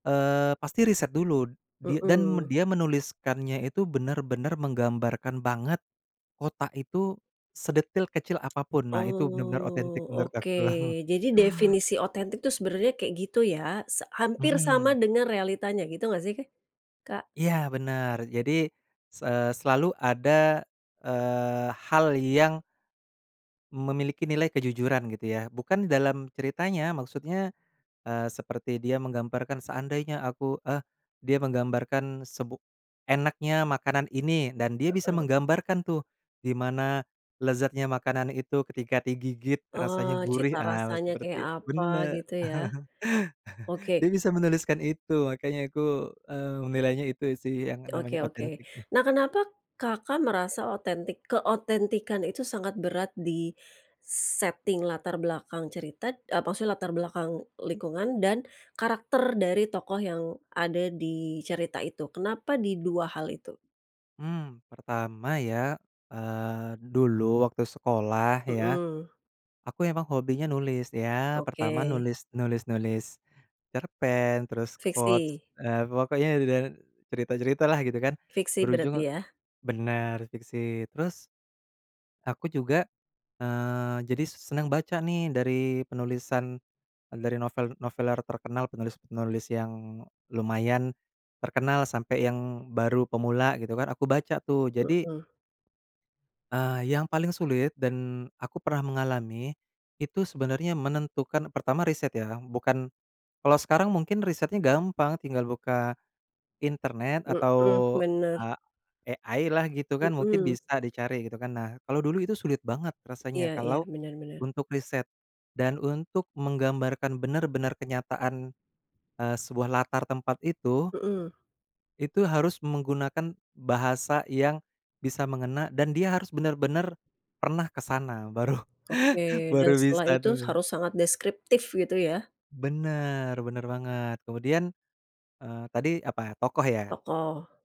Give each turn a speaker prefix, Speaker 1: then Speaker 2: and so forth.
Speaker 1: Eee, pasti riset dulu dia dan
Speaker 2: Mhm.
Speaker 1: dia menuliskannya itu, benar-benar menggambarkan banget kota itu, sedetail kecil apapun. Nah, itu benar-benar otentik
Speaker 2: Oh,
Speaker 1: menurut
Speaker 2: oke.
Speaker 1: aku.
Speaker 2: Jadi definisi otentik tuh, sebenernya kayak gitu ya? Sa Hampir sama
Speaker 1: Mhm.
Speaker 2: dengan realitanya, gitu nggak sih, Kak?
Speaker 1: Iya, benar. Jadi, s eee, selalu ada, eee, hal yang memiliki nilai kejujuran, gitu ya. Bukan dalam ceritanya, maksudnya, eee, seperti dia menggambarkan, seandainya aku eh dia menggambarkan sebu enaknya makanan ini, dan dia bisa
Speaker 2: Heeh.
Speaker 1: menggambarkan tuh. Gimana lezatnya makanan itu, ketika digigit
Speaker 2: Oh,
Speaker 1: rasanya
Speaker 2: cita
Speaker 1: gurih. Ah
Speaker 2: rasanya kayak
Speaker 1: seperti itu
Speaker 2: apa
Speaker 1: bener
Speaker 2: gitu ya? Oke.
Speaker 1: dia bisa menuliskan itu. Makanya aku, eee, menilainya itu sih, yang namanya
Speaker 2: Oke oke.
Speaker 1: otentik.
Speaker 2: Nah, kenapa, Kakak, merasa otentik keotentikan itu sangat berat di setting latar belakang cerita eee, maksudnya latar belakang lingkungan, dan karakter dari tokoh yang ada di cerita itu? Kenapa di hal itu?
Speaker 1: Mmm, pertama ya, eee, dulu waktu sekolah, ya.
Speaker 2: Mhm.
Speaker 1: Aku emang hobinya nulis ya, pertama
Speaker 2: Oke.
Speaker 1: nulis nulis-nulis cerpen, terus quote,
Speaker 2: Fiksi.
Speaker 1: eee, pokoknya dedan cerita-cerita lah, gitu kan.
Speaker 2: Fiksi berarti,
Speaker 1: Berujung
Speaker 2: ya?
Speaker 1: benar, fiksi. Terus, aku juga, eee, jadi senang baca nih, dari penulisan, eee, dari novel-noveler terkenal, penulis-penulis yang lumayan terkenal, sampai yang baru pemula, gitu kan. Aku baca tuh. Jadi
Speaker 2: Mhm.
Speaker 1: eee, yang paling sulit, dan aku pernah mengalami. Itu sebenarnya menentukan pertama riset ya, bukan kalau sekarang mungkin risetnya gampang. Tinggal buka internet, atau
Speaker 2: Mhm, benar.
Speaker 1: a AI lah, gitu kan? Mungkin
Speaker 2: Mhm.
Speaker 1: bisa dicari, gitu kan. Nah, kalau dulu itu sulit banget rasanya
Speaker 2: Iya iya,
Speaker 1: kalau
Speaker 2: bener bener.
Speaker 1: untuk riset dan untuk menggambarkan benar-benar kenyataan, eee, sebuah latar tempat itu
Speaker 2: Mhm.
Speaker 1: itu harus menggunakan bahasa yang bisa mengena, dan dia harus benar-benar pernah ke sana. Baru
Speaker 2: Oke, dan
Speaker 1: baru
Speaker 2: setelah
Speaker 1: bisa
Speaker 2: itu
Speaker 1: tuh.
Speaker 2: harus sangat deskriptif, gitu ya?
Speaker 1: Bener bener banget. Kemudian, eee, tadi apa Tokoh ya?
Speaker 2: Tokoh.